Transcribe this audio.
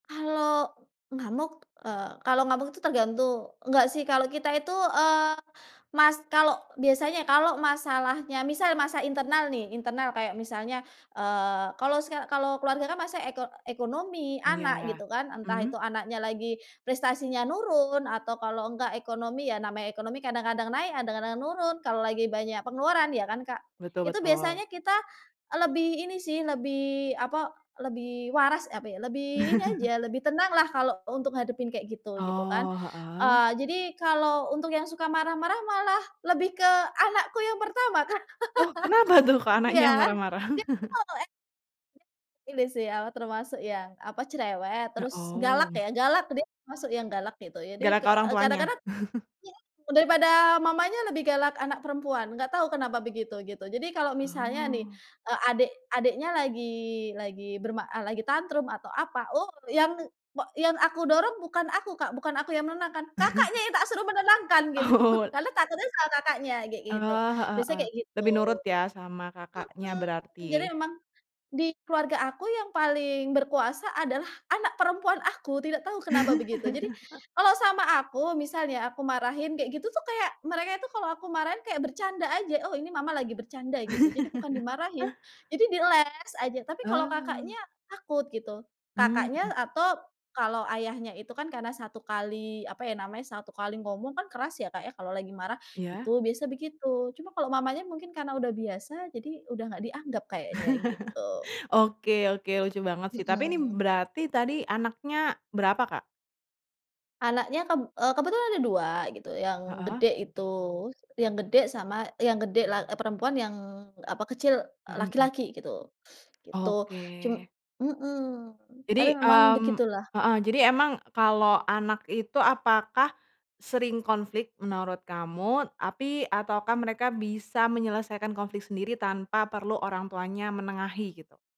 Kalau ngamuk, eee, kalau ngamuk itu tergantung enggak sih kalau kita itu eee mas kalau biasanya kalau masalahnya misal masa internal nih, internal kayak misalnya, eee, kalau seka kalau keluarga kan masa eko ekonomi, anak gitu Iya. kan? Entah itu Mhm. anaknya lagi prestasinya nurun atau kalau enggak ekonomi, ya namanya ekonomi kadang-kadang naik, kadang-kadang nurun, kalau lagi banyak pengeluaran ya kan, Kak? Betul Itu betul. biasanya kita lebih ini sih, lebih apa, lebih waras apa ya? Lebih ini aja lebih tenang lah kalau untuk hadapin kayak gitu, gitu kan? Oh, heeh. Eee, jadi kalau untuk yang suka marah-marah malah lebih ke anakku yang pertama, Kak. Oh, kenapa tuh ko anaknya yang Iya, marah-marah? dia itu kalau. [unintelligible] Ini sih, apa termasuk yang apa cerewet, He terus galak oh. ya, galak dia termasuk yang galak gitu. Jadi, Galak ke ke orang tuanya? kadang-kadang, [unintelligible] daripada mamanya lebih galak anak perempuan, enggak tahu kenapa begitu, gitu. Jadi kalau misalnya nih, Oh. eee, adik, adiknya lagi, lagi berma eee, lagi tantrum atau apa, oh yang pa yang aku dorong bukan aku, Kak, bukan aku yang menenangkan. Kakaknya yang tak suruh menenangkan gitu. Oh. Lalu takutnya selalu Kakaknya kayak Eh, gitu. heeh, Biasanya heeh. kayak gitu. Lebih nurut ya sama kakaknya Mhm. Jadi berarti. memang di keluarga aku yang paling berkuasa adalah anak perempuan aku, tidak tahu kenapa begitu. Jadi kalau sama aku misalnya aku marahin kayak gitu tuh kayak mereka itu kalau aku marahin kayak bercanda aja, "Oh ini Mama lagi bercanda gitu," jadi bukan dimarahin. Jadi di eles aja, tapi kalau Eh. kakaknya, takut gitu. Mmm, Kakaknya mhm. atau kalau ayahnya itu kan karena 1 kali apa ya namanya 1 kali ngomong kan keras ya, Kak, ya kalau lagi marah. Iya. Itu biasa begitu cuma kalau mamanya mungkin karena udah biasa jadi udah enggak dianggep kayaknya gitu. Oke oke. Lucu banget sih tapi ini Mhm. berarti tadi anaknya berapa, Kak? Anaknya keb eee, kebetulan ada 2 gitu. Yang Heeh. gede itu, yang gede sama, yang gede la perempuan yang apa kecil, eee, Mhm mhm. laki-laki gitu. Gitu. Oke. Cum mhm tapi Jadi, memang mmm begitulah. heeh. Jadi emang kalau anak itu apakah sering konflik menurut kamu tapi ataukah mereka bisa menyelesaikan konflik sendiri tanpa perlu orangtuanya menengahi gitu?